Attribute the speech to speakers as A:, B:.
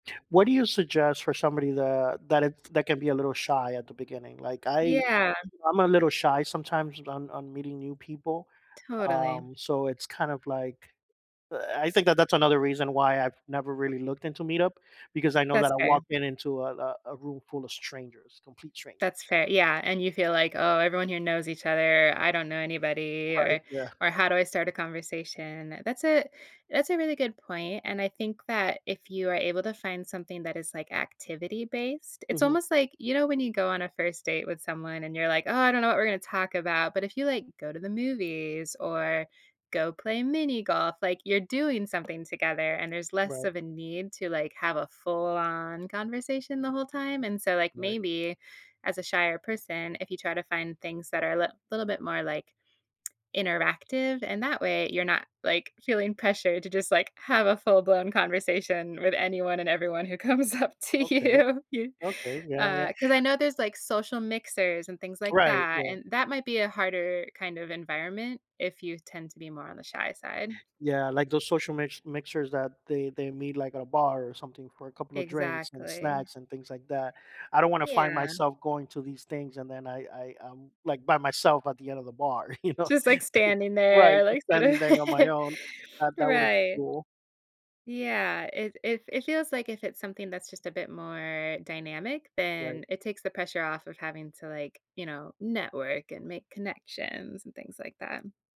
A: What do you suggest for somebody that that if that can be a little shy at the beginning? Like, I
B: Yeah.
A: I'm a little shy sometimes on on meeting new people.
B: Totally.
A: Um, so it's kind of like, uh, I think that that's another reason why I've never, really looked into Meetup because I know that
B: That's
A: I
B: fair.
A: walk in into a a a room full of strangers, complete strangers.
B: That's fair yeah, and you feel like, "Oh, everyone here knows each other. I don't know anybody," or
A: Right, yeah.
B: or, "How do I start a conversation?" That's a that's a really good point, and I think that if you are able to find something that is, like, activity-based it's
A: Mhm.
B: almost like, you know, when you go on a 1st date with someone and you're, like, "Oh, I don't know what we're gonna talk about." But, if you, like, go to the movies, or go play mini golf, like you're doing something together and there's less
A: Right.
B: of a need to, like, have a full-on conversation the whole time, and so, like,
A: Right.
B: maybe, as a shyer person, if you try to find things that are lit a little bit more, like, interactive, and that way, you're not, like, feeling pressured to just, like, have a full blown conversation with anyone and everyone who comes up to
A: Okay.
B: you you.
A: Okay, yeah, yeah
B: Uh, 'cause I know there's, like, social mixers and things like
A: Right,
B: that,
A: yeah.
B: and that might be a harder, kind of environment if you tend to be more on the shy side.
A: Yeah, like those social mix mixtures that they they meet, like, at a bar, or something, for a couple of drinks, and
B: Exactly.
A: snacks, and things like that. I don't wanna find
B: Yeah.
A: myself going to these things and then I I I'm, like, by myself at the end of the bar, you know?
B: Just, like, standing
A: Right,
B: there,
A: just
B: like, sort of
A: standing there on my own, that that would'nt be
B: right.
A: cool.
B: Yeah, it it it feels like if it's something that's just a bit more dynamic.
A: Right.
B: Then, it takes the pressure off of having to, like, you know, network, and make connections, and things like that.